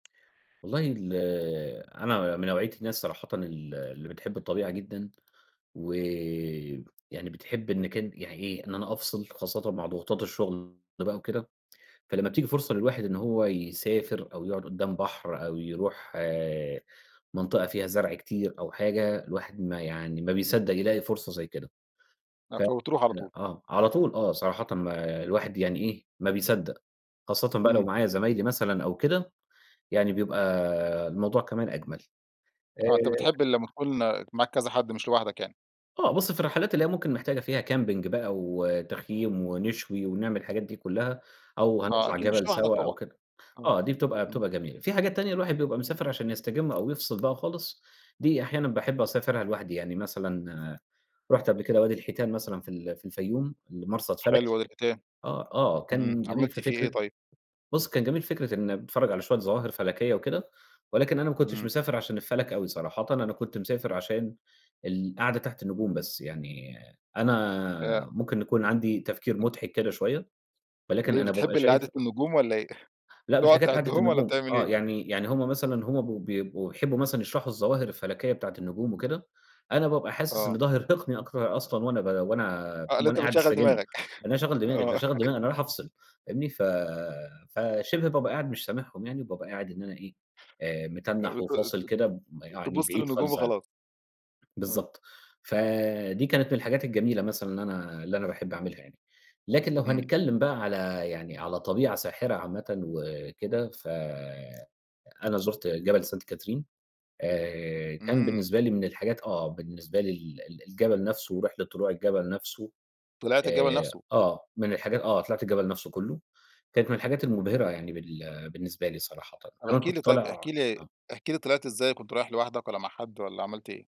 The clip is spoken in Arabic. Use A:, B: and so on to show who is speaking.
A: والله ال أنا من نوعية الناس صراحةً ال اللي بتحب الطبيعة جدًا، و يعني بتحب إن كان يعني إيه، إن أنا أفصل خاصةً مع ضغوطات الشغل بقى وكده، فلمّا بتيجي فرصة للواحد إن هو يسافر، أو يقعد قَُدّام بحر أو يروح منطقة فيها زرع كتير أو حاجة، الواحد ما يعني ما بيصدّق يلاقي فرصة زي كده
B: آآ،
A: ف
B: فبتروح على طول.
A: آه، على طول آه، صراحةً الواحد يعني إيه، ما بيصدّق، خاصةً بقى لو
B: إمم.
A: معايا زمايلي مثلًا أو كده، يعني بيبقى الموضوع كمان أجمل.
B: آه، أنت
A: آآ
B: بتحب لمّا
A: [unintelligible]
B: تكون معاك كذا حد، مش لوحدك يعني.
A: آه بُصّ، في الرحلات اللي هي ممكن محتاجة فيها camping بقى وتخييم ونشوي ونعمل الحاجات دي كلّها، أو
B: آه
A: هنطلع
B: أكيد، مش
A: جبل
B: لوحدك
A: سوا أو
B: طبعًا،
A: كده،
B: آه،
A: آه، دي بتبقى
B: امم.
A: بتبقى جميلة. في حاجات تانية الواحد بيبقى مسافر عشان يستجم أو يفصل بقى خالص دي أحيانًا باحب أسافرها لوحدي يعني مثلًا رُحت قبل كده وادي الحيتان مثلًا في ال في الفيوم، المرصد
B: حلو
A: فلكي،
B: وادي الحيتان،
A: آه، آه
B: إمم،
A: كان جميل
B: عملت
A: في
B: فيه إيه
A: فكرة
B: طيب؟
A: بُصّ كان جميل في فكرة إن باتفرج على شوية ظواهر فلكية وكده، ولكن أنا ما كنتش
B: إمم.
A: مسافر عشان الفلك أوي صراحةً، أنا كنت مسافر عشان القعدة تحت النجوم بس، يعني
B: آآ
A: أنا ممكن نكون عندي تفكير
B: [unintelligible]
A: مُضحك كده شوية ولكن
B: ليه
A: أنا بابقى
B: بتحب ال قعدة
A: شايف
B: النجوم والَّا إيه؟
A: لأ، مش
B: بتقعد
A: حكاية قعدة
B: تعدِّهم والَّا
A: النجوم،
B: بتعمل
A: آه،
B: إيه؟
A: يعني يعني هم مثلًا هم ب بيبقوا يحبوا مثلًا يشرحوا الظواهر الفلكية بتاعة النجوم وكده، أنا بابقى حاسس إن
B: آه.
A: ده هيرهقني أكتر أصلًا وأنا ب وأنا
B: آه،
A: فاهم،
B: اللي
A: وأنا
B: أنت
A: قاعد
B: بتشغّل
A: أستجم، إن
B: دماغك،
A: أنا هاشغّل دماغي،
B: آه.
A: فاشغّل دماغي، أنا رايح أفصل فاهمني، ف فشبه بابقى قاعد مش سامعهم يعني، وبابقى قاعد إن أنا إيه، آآ،
B: آآ،
A: متنّح
B: بت ت
A: وفاصل كده
B: ت
A: يعني
B: تبُصّ
A: بعيد
B: للنجوم
A: خالص عنهم.
B: وخلاص. آه.
A: بالضبط، ف دي كانت من الحاجات الجميلة مثلًا اللي أنا اللي أنا باحب أعملها يعني. لكن لو
B: إمم.
A: هنتكلّم بقى على يعني على طبيعة ساحرة عامةً وكده، ف أنا زُرت جبل سانت كاترين، آآ، كان
B: إمم.
A: بالنسبة لي من الحاجات آه، بالنسبة لي ال ال الجبل نفسه ورحلة طلوع الجبل نفسه
B: طِلِعت الجبل
A: آآ،
B: نفسه.
A: آه من الحاجات آه طِلِعت الجبل نفسه كلُه كانت من الحاجات
B: آه.
A: المُبهرة يعني بال بالنسبة لي صراحةً،
B: طَب
A: كمان
B: احكِ
A: كنت
B: لي طيب، احكِ
A: طالع
B: لي
A: آه.
B: احكِ لي طِلِعت إزاي وكنت رايح لوحدك والَّا مع حد والَّا عملت إيه؟